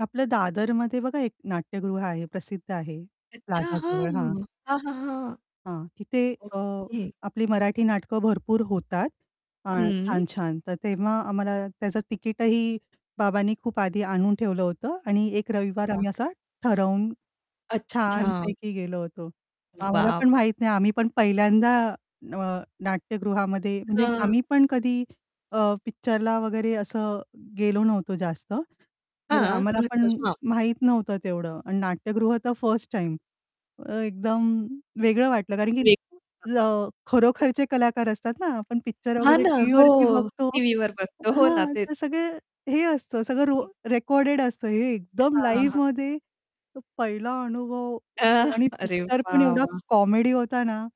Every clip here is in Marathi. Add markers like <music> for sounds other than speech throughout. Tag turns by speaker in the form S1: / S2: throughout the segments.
S1: आपलं दादरमध्ये बघा, एक नाट्यगृह आहे, प्रसिद्ध आहे
S2: अच्छा!
S1: प्लाझाजवळ, हां.
S2: हं. हां, हां, हां.
S1: हां, तिथे अ,
S2: ओके.
S1: आपली मराठी नाटकं भरपूर होतात, आ,
S2: हं.
S1: छान-छान! तर तेव्हा आम्हाला त्याचं तिकीटही बाबांनी खूप आधी आणून ठेवलं होतं आणि एक रविवार
S2: हां.
S1: आम्ही असा ठरवून,
S2: अच्छा!
S1: छानपैकी गेलो होतो. आम्हाला पण
S2: वाह!
S1: माहीत नाही, आम्ही पण पहिल्यांदा अ, नाट्यगृहामध्ये म्हणजे
S2: हं.
S1: आम्ही पण कधी अ, पिक्चरला वगैरे असं गेलो नव्हतो जास्त, तर
S2: हां,
S1: आम्हाला
S2: <unintelligible>
S1: पण
S2: हं.
S1: माहीत नव्हतं तेवढं आणि नाट्यगृह तर फर्स्ट टाइम. अ, एकदम वेगळं वाटलं कारण की
S2: <unintelligible> हां.
S1: अ, खरोखरचे कलाकार असतात ना, आपण पिक्चर
S2: हां
S1: वगैरे
S2: ना,
S1: टीव्हीवरती
S2: हो.
S1: बघतो
S2: टीव्हीवर बघतो. हो ना
S1: हां,
S2: तेच.
S1: तर सगळं हे असतं, सगळं रो
S2: हं.
S1: रेकॉर्डेड असतं. हे एकदम
S2: हां, हां, हां.
S1: लाईव्हमध्ये तो पहिला अनुभव
S2: अह,
S1: आणि
S2: अरे
S1: पिक्चर पण
S2: वाह,
S1: एवढा
S2: वाह!
S1: कॉमेडी होता ना,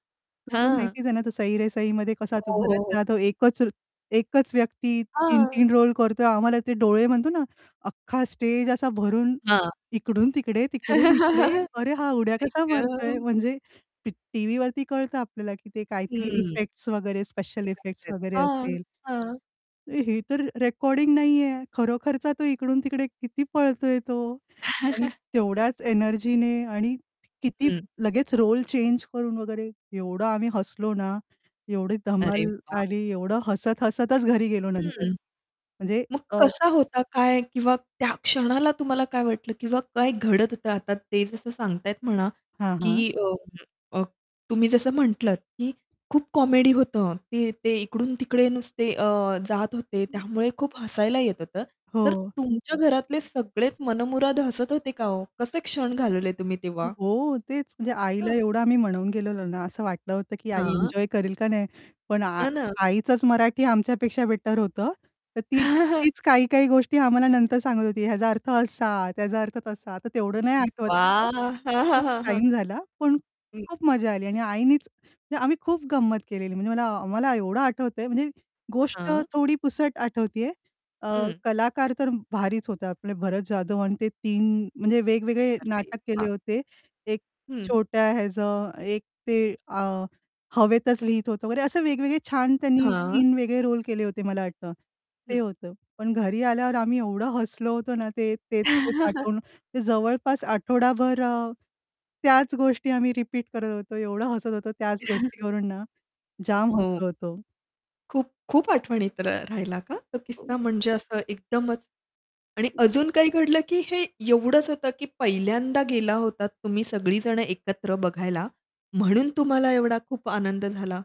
S1: तुम्हाला
S2: हां.
S1: माहितीच आहे ना तो "सही रे सही" मध्ये कसा तो
S2: हो,
S1: भरत
S2: हो, हो.
S1: जाधव एकच र एकच व्यक्ती तीन
S2: हां.
S1: तीन रोल करतोय, आम्हाला ते डोळे म्हणतो ना अख्खा स्टेज असा भरून,
S2: हां.
S1: इकडून तिकडे, तिकडून इकडे
S2: <laughs>
S1: अरे, हा उड्या
S2: आई
S1: कसा मारतोय?
S2: गं!
S1: म्हणजे टी टीव्हीवरती कळतं आपल्याला की ते काहीतरी
S2: हं.
S1: इफेक्ट्स वगैरे, स्पेशल इफेक्ट्स
S2: <unintelligible>
S1: वगैरे
S2: हां,
S1: असेल.
S2: हां.
S1: हे तर रे रेकॉर्डिंग नाहीये, खरोखरचा तो इकडून तिकडे किती पळतोय तो आणि
S2: <chuckles>
S1: तेवढ्याच एनर्जीने आणि किती
S2: हं.
S1: लगेच रोल चेंज करून वगैरे, एवढं आम्ही हसलो ना, एवढी
S2: अरे
S1: धमाल
S2: वाह!
S1: आली, एवढं हसत-हसतचं घरी गेलो नंतर,
S2: हं.
S1: म्हणजे
S2: मग
S1: अ
S2: कसा होता काय किंवा त्या क्षणाला तुम्हाला काय वाटलं किंवा काय घडत होतं? आता ते जसं सांगतायत म्हणा
S1: हां, हां.
S2: की अ, अ, तुम्ही जसं म्हटलत की खूप कॉमेडी होतं ते ते इकडून तिकडे नुसते अ, जात होते,
S1: <unintelligible>
S2: त्यामुळे खूप हसायला येत होतं, तर
S1: हो.
S2: तुमच्या घरातले सगळेच मनमुराद हसत होते का हो? कसे क्षण घालवले तुम्ही तेव्हा?
S1: हो, तेच म्हणजे आईला
S2: हं.
S1: एवढं आम्ही मनवून गेलेलो ना, असं वाटलं होतं की आई
S2: हां.
S1: एन्जॉय करेल का नाही? पण आ
S2: हां ना.
S1: आईचंच मराठी आमच्यापेक्षा बेटर होतं, तर तीच
S2: <chuckles>
S1: तीच काही-काही गोष्टी आम्हाला नंतर सांगत होती, ह्याचा अर्थ असा, त्याचा अर्थ तसा. तर तेवढं नाही आठवत खरं,
S2: वाह!
S1: खूप
S2: <chuckles>
S1: टाईम झाला, पण
S2: हं.
S1: खूप मजा आली. आणि आईनीच म्हणजे आम्ही खूप गंमत केलेली म्हणजे मला आम्हाला एवढं आठवतंय, म्हणजे गोष्ट
S2: हां.
S1: थोडी पुसट आठवतीय, अ,
S2: हं.
S1: कलाकार तर भारीच होते आपले भरत जाधव आणि ते 3 म्हणजे वेगवेगळे
S2: अरे
S1: नाटक केले
S2: वाह!
S1: होते. ते एक
S2: हं.
S1: छोट्या ह्याचं एक ते आं, हवेतच लिहित होतं वगैरे, असं वेगवेगळे छान त्यांनी
S2: हां.
S1: 3 वेगळे रोल केले होते मला वाटतं,
S2: हं.
S1: ते होतं. पण घरी आल्यावर आम्ही एवढं हसलो होतो ना, ते तेच-तेच
S2: <chuckles>
S1: आठवून, ते जवळपास आठवडाभर अ, त्याच गोष्टी आम्ही रिपीट करत होतो, एवढं हसत होतो त्याच
S2: <chuckles>
S1: गोष्टीवरून ना, जाम
S2: हो.
S1: हसलो होतो.
S2: खूप खूप आठवणीत र राहिला का तो किस्सा?
S1: <unintelligible>
S2: म्हणजे असं एकदमच. आणि अजून काही घडलं की हे एवढंच होतं की पहिल्यांदा गेला होतात तुम्ही सगळी जण एकत्र बघायला, म्हणून तुम्हाला एवढा खूप आनंद झाला?